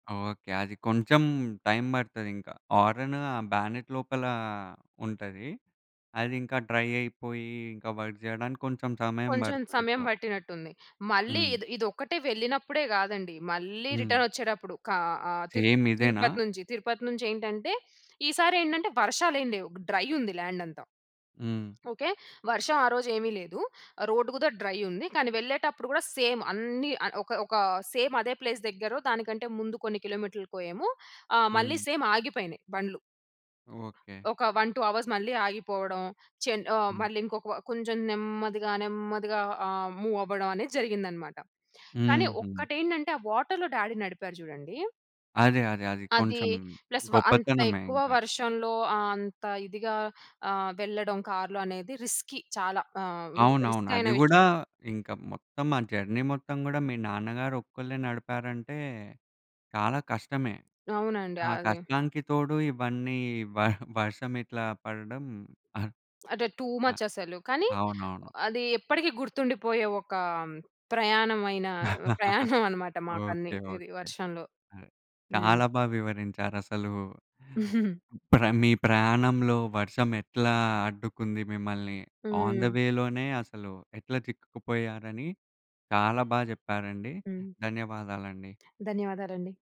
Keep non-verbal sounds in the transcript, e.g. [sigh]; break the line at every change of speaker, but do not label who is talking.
Okay. అది కొంచెం time పడతది ఇంకా. హారెను బ్యానెట్ లోపల ఉంటది. అది ఇంకా డ్రై అయిపోయి, ఇంకా వర్క్ చేయడానికి కొంచెం సమయం
కొంచెం
పడుతుంది
సమయం
ఇట్లా.
పట్టినట్టు ఉంది. మళ్ళీ
హ్మ్.
ఇద్ ఇది ఒక్కటే వెళ్ళినప్పుడే కాదండి. మళ్ళీ
హ్మ్.
రిటర్న్ వచ్చేటప్పుడు, కా ఆహ్,
సేమ్ ఇదేనా?
తిరుపతి నుంచి తిరుపతి నుంచి ఏంటంటే, ఈసారి ఏంటంటే, వర్షాలేం లేవు. డ్రై ఉంది ల్యాండ్ అంతా.
హ్మ్.
ఓకే. వర్షం ఆ రోజు ఏమి లేదు. రోడ్ గూడా డ్రై ఉంది కానీ వెళ్ళేటప్పుడు కూడా సేమ్ అన్నీ ఆహ్, ఒక ఒక సేమ్ అదే ప్లేస్ దగ్గరో దానికంటే ముందు కొన్ని కిలోమీటర్లకేమో ఆ! మళ్ళీ
హ్మ్.
సేమ్ ఆగిపోయినాయి బండ్లు.
ఓకే.
ఒక 1, 2 అవర్స్ మళ్ళీ ఆగిపోవడం. చెన్ ఆహ్,
హ్మ్.
మళ్ళీ ఇంకొక కొంచెం నెమ్మదిగా నెమ్మదిగా ఆహ్, మూవ్ అవ్వడం అనేది జరిగిందన్నమాట. కానీ
హుహు.
ఒక్కటి ఏంటంటే ఆ వాటర్‌లో డ్యాడీ నడిపారు జూడండి.
అదే, అదే. అది
అది
కొంచెం
ప్లస్ వ అంత
గొప్పతనమే
ఎక్కువ
ఇంకా.
వర్షంలో ఆహ్, అంత ఇదిగా ఆహ్, వెళ్ళడం కార్‌లో అనేది రిస్కీ చాలా ఆహ్, వి
అవునవును. అది
రిస్‌కైనా
గూడా
విషయం.
ఇంక మొత్తం ఆ జర్నీ మొత్తం కూడా మీ నాన్నగారు ఒక్కళ్ళే నడిపారంటే చాలా కష్టమే.
అవునండి.
ఆ
అది.
కష్టానికి తోడు ఇవన్నీ వ వర్షం ఇట్లా పడడం. ఆహ్
అంటే టూ మచ్ అసలు. కానీ
అవునవును.
అది ఎప్పటికి గుర్తుండిపోయే ఒక ప్రయాణమైన [chuckles]
[laughs]
ప్రయాణం అన్నమాట. మాకన్ని
ఓకే.
ఇది
ఓకే.
వర్షంలో. హ్మ్.
చాలా బా వివరించారు. అసలు
[giggles]
ప్రా మీ ప్రయాణంలో వర్షం ఎట్లా అడ్డుకుంది మిమ్మల్ని. ఆన్ ది
హ్మ్.
వే లోనే అసలు ఎట్లా చిక్కుకుపోయారని, చాలా బా చెప్పారండి.
హ్మ్.
ధన్యవాదాలండి.
ధన్యవాదాలండి.